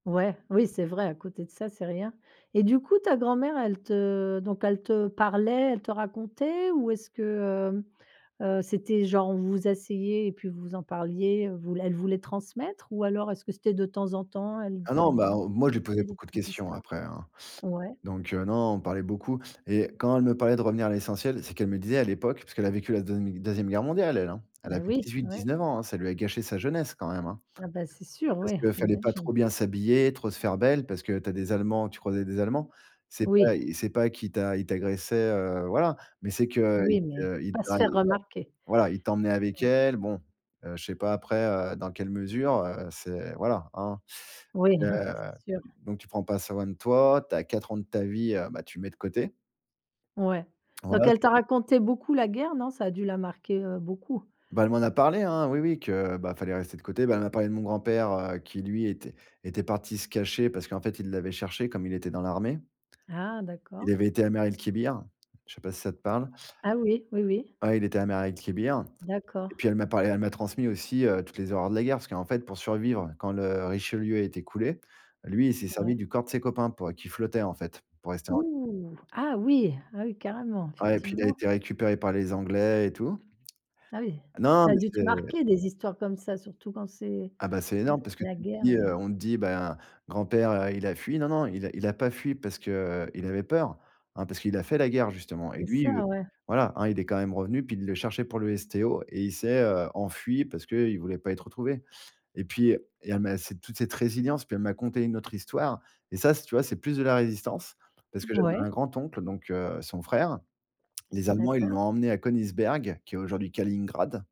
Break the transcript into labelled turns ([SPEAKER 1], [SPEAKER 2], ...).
[SPEAKER 1] Ouais, oui, c'est vrai à côté de ça c'est rien. Et du coup ta grand-mère elle te donc elle te parlait, elle te racontait ou est-ce que, heu heu, c'était genre vous asseyez et puis vous en parliez, ou vous elle voulait transmettre? Ou alors est-ce que c'était de temps en temps elle d
[SPEAKER 2] Ah non,
[SPEAKER 1] elle
[SPEAKER 2] bah,
[SPEAKER 1] di
[SPEAKER 2] heu, moi je
[SPEAKER 1] elle
[SPEAKER 2] lui posais
[SPEAKER 1] disait des
[SPEAKER 2] beaucoup de
[SPEAKER 1] petites
[SPEAKER 2] questions
[SPEAKER 1] histoires?
[SPEAKER 2] après, hein,
[SPEAKER 1] Ouais.
[SPEAKER 2] donc heu, non, non, on parlait beaucoup et quand elle me parlait de revenir à l'essentiel, c'est qu'elle me disait à l'époque puisqu'elle a vécu la deuxi deuxième guerre mondiale elle, hein. Elle a
[SPEAKER 1] Bah
[SPEAKER 2] fait
[SPEAKER 1] oui, ouais.
[SPEAKER 2] 18-19 ans, hein, ça lui a gâché sa jeunesse quand même, hein.
[SPEAKER 1] Ah bah, c'est sûr,
[SPEAKER 2] Parce
[SPEAKER 1] oui,
[SPEAKER 2] que, fallait pas
[SPEAKER 1] j'imagine.
[SPEAKER 2] trop bien s'habiller, trop se faire belle, parce que tu as des allemands tu croisais des allemands. C'est pas
[SPEAKER 1] Oui.
[SPEAKER 2] c'est pas qui t'a il t'agressait, heu, voilà, mais c'est qu'il
[SPEAKER 1] Oui, mais
[SPEAKER 2] te il
[SPEAKER 1] pas
[SPEAKER 2] te
[SPEAKER 1] se faire remarquer.
[SPEAKER 2] voilà, il t'emmenait avec
[SPEAKER 1] Ouais.
[SPEAKER 2] elle. Bon, heu, je sais pas après, heu, dans quelle mesure, heu, c'est voilà, hein.
[SPEAKER 1] Oui,
[SPEAKER 2] Heu,
[SPEAKER 1] c'est sûr.
[SPEAKER 2] donc tu prends pas soin de toi, tu as 4 ans de ta vie, heu, bah, tu mets de côté.
[SPEAKER 1] Ouais. Donc
[SPEAKER 2] Voila.
[SPEAKER 1] elle t'a raconté beaucoup la guerre, non? Ça a dû la marquer, heu, beaucoup.
[SPEAKER 2] Bah, elle m'en a parlé, hein. Oui, oui que, bah fallait rester de côté. Bah, elle m'a parlé de mon grand-père, heu, qui lui était était était parti se cacher parce qu'en fait il l'avait cherché comme il était dans l'armée.
[SPEAKER 1] Ah, d'accord.
[SPEAKER 2] Il avait été à Mers el-Kébir je sais pas si ça te parle?
[SPEAKER 1] Ah oui, oui, oui.
[SPEAKER 2] Ouais, il était à Mers el-Kébir
[SPEAKER 1] D'accord.
[SPEAKER 2] et puis elle m'a parlé elle m'a transmis aussi heu, toutes les horreurs de la guerre. Parce qu'en fait pour survivre, quand le Richelieu a été coulé, lui il s'est
[SPEAKER 1] Ouais.
[SPEAKER 2] servi du corps de ses copains pour qu'il flottait en fait, pour rester en v
[SPEAKER 1] Ouh! Ah oui. Ah oui carrément
[SPEAKER 2] Ouais, puis il a
[SPEAKER 1] effectivement.
[SPEAKER 2] été récupéré par les anglais et tout.
[SPEAKER 1] Ah oui!
[SPEAKER 2] Non,
[SPEAKER 1] Ça a
[SPEAKER 2] mais
[SPEAKER 1] dû te
[SPEAKER 2] c'est
[SPEAKER 1] marquer des histoires comme ça surtout quand c'est
[SPEAKER 2] Ah bah, c'est
[SPEAKER 1] l
[SPEAKER 2] énorme parce que
[SPEAKER 1] la
[SPEAKER 2] tu te
[SPEAKER 1] guerre
[SPEAKER 2] dis
[SPEAKER 1] heu
[SPEAKER 2] on te dit: «Bah, grand-père, il a fui. Non, non, il a il a pas fui parce que, heu, il avait peur, parce qu'il a fait la guerre justement» et
[SPEAKER 1] C'est ça,
[SPEAKER 2] lui
[SPEAKER 1] ouais.
[SPEAKER 2] voilà. Hein, il est quand même revenu, puis il le cherchait pour le STO et il s'est heu, enfui parce qu'il voulait pas être retrouvé et puis heu, il y amassé toute cette résilience, puis elle m'a conté une autre histoire. Et ça, tu vois, c'est plus de la résistance, parce que j'avais un
[SPEAKER 1] Ouais.
[SPEAKER 2] grand oncle, donc heu, son frère. Les allemands, ils
[SPEAKER 1] D'accord.
[SPEAKER 2] l'ont emmené à Königsberg, qui est aujourd'hui Kaliningrad.